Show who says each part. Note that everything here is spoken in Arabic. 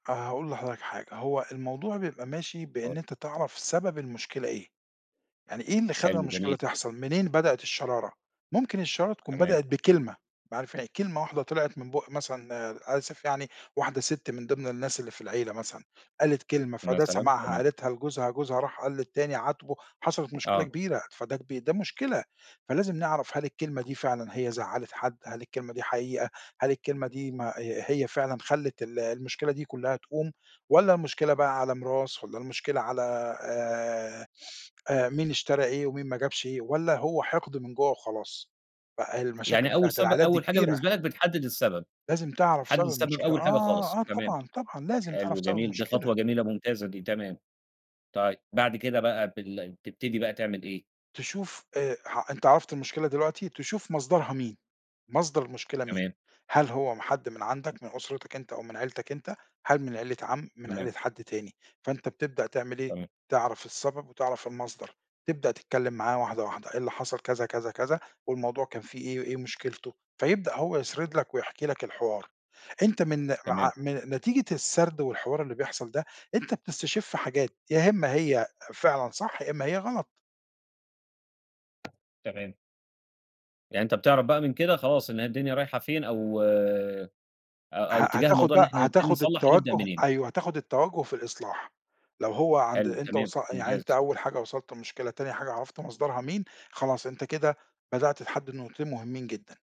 Speaker 1: أنا هاقول لحضرتك حاجة، هو الموضوع بيبقى ماشي
Speaker 2: آه.
Speaker 1: بإن أنت تعرَف سبب المشكلة إيه، يعني إيه اللي خلّى
Speaker 2: حلو،
Speaker 1: المشكلة
Speaker 2: جميل.
Speaker 1: تحصَل، منين بدئت الشرارة، ممكن الشرارة تكون
Speaker 2: تمام.
Speaker 1: بدئت بكلمة معرف كلمة واحدة طلعِت من بُق مثلًا آآ، آسف يعني واحدة سِت من ضِمن الناس اللي في العيلة مثلًا، قالت كلمة، فده
Speaker 2: مثلًا،
Speaker 1: سمَعها
Speaker 2: تمام.
Speaker 1: قالتها لجوزها، جوزها راح قال للتاني عاتبه، حصلِت مشكلة
Speaker 2: آه.
Speaker 1: كبيرة، فده كب ده مشكلة فلازم نعرَف هل الكلمة دي فعلًا هي زعّلِت حد، هل الكلمة دي حقيقة، هل الكلمة دي ما آآ هي فعلًا خلّت ال المشكلة دي كلّها تقوم والَّا المشكلة بقى على ميراث والَّا المشكلة على آآ، آآ مين اشترى إيه ومين ما جابش إيه والَّا هو حِقد من جوّه وخلاص ف آآ المشاكل
Speaker 2: يعني أول
Speaker 1: بتاعة
Speaker 2: سب
Speaker 1: العائلات دي
Speaker 2: أول حاجة
Speaker 1: كبيرة.
Speaker 2: بالنسبة لك بتحدّد السبب،
Speaker 1: لازم تعرَف
Speaker 2: بتحدّد
Speaker 1: سبب
Speaker 2: السبب
Speaker 1: المشكلة،
Speaker 2: أول حاجة
Speaker 1: آه،
Speaker 2: خالص،
Speaker 1: آه
Speaker 2: تمام،
Speaker 1: طبعًا، طبعًا لازم تعرَف
Speaker 2: حلو،
Speaker 1: سبب
Speaker 2: جميل، دي
Speaker 1: المشكلة.
Speaker 2: خطوة جميلة، ممتازة دي، تمام، طيب بعد كده بقى بال بتبتدي بقى تعمل إيه.
Speaker 1: تشوف آآ، ح أنت عرَفت المشكلة دلوقتي تشوف مصدَرها مين، مصدَر المشكلة مين،
Speaker 2: تمام.
Speaker 1: هل هو حَد من عَندك من أُسرتك أنت أو من عيلتك أنت، هل من عيلة عَم، من
Speaker 2: تمام.
Speaker 1: عيلة حَد تاني، فأنت بتبدأ تعمل إيه،
Speaker 2: تمام.
Speaker 1: تعرَف السبب وتعرَف المصدَر، تبدأ تتكلّم معاه واحدة، واحدة، إيه اللي حصَل كذا، كذا، كذا والموضوع كان فيه إيه، إيه مشكلته، فيبدأ هو يسرِد لك ويحكِ لك الحوار، أنت من
Speaker 2: تمام.
Speaker 1: مع من نتيجة السرد والحوار اللي بيحصَل ده أنت بتستشِف حاجات يا إمّا هي فعلًا صح، يا إمّا هي غلط.
Speaker 2: تمام. يعني أنت بتعرَف بقى من كده خلاص إن هي الدنيا رايحة فين أو، أ أو
Speaker 1: ه
Speaker 2: إتجاه
Speaker 1: هتاخد
Speaker 2: الموضوع إن
Speaker 1: بقى،
Speaker 2: إحنا نبتدي
Speaker 1: هتاخد
Speaker 2: نصلّح نبدأ
Speaker 1: التوجُّه
Speaker 2: منين.
Speaker 1: أيوه، هتاخد التوجُّه في الإصلاح لو هو عند
Speaker 2: حلو،
Speaker 1: أنت
Speaker 2: تمام،
Speaker 1: وص يعني أنت
Speaker 2: ممتاز.
Speaker 1: أول حاجة وصَلت للمشكلة تاني حاجة عرَفت مصدرها مين، خلاص أنت كده بدأت تحدّد نقطتين مهمّين جدًا.